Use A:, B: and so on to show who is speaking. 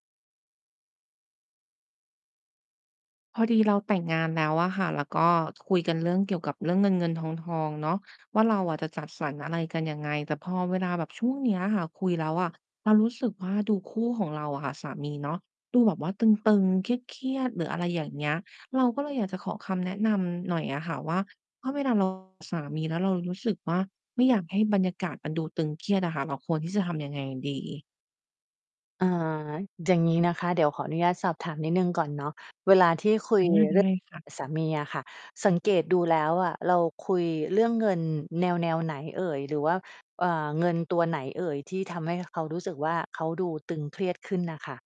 A: พอดีเราแต่งงานแล้วอะค่ะ แล้วก็คุยกันเรื่องเกี่ยวกับเรื่องเงิน ๆ ทอง ๆ เนาะ ว่าเราอะจะจัดสรรอะไรกันยังไง แต่พอเวลาแบบช่วงนี้อะค่ะ คุยแล้วอะ เรารู้สึกว่าดูคู่ของเราอะค่ะ สามีเนาะ ดูแบบว่าตึง ๆ เครียด ๆ หรืออะไรอย่างเงี้ย เราก็เลยอยากจะขอคำแนะนำหน่อยอะค่ะว่า ถ้าเวลา เรา สามี แล้วเรารู้สึกว่า ไม่อยากให้บรรยากาศมันดูตึงเครียดอะค่ะ เราควรที่จะทำยังไงดี?
B: อ่า อย่างงี้นะคะ เดี๋ยวขออนุญาตสอบถามนิดหนึ่งก่อนเนาะ เวลาที่คุ
A: อ
B: ย
A: า ไ
B: เรื่
A: ด
B: อ
A: ้
B: ง
A: ค่ะ
B: สามีอะค่ะ สังเกตดูแล้วอะ เราคุยเรื่องเงินแนว ๆ ไหนเอ่ย? หรือว่า อ่า เงินตัวไหนเอ่ย ที่ทำให้เขารู้สึกว่า เขาดูตึงเครียดขึ้นน่ะค่ะ?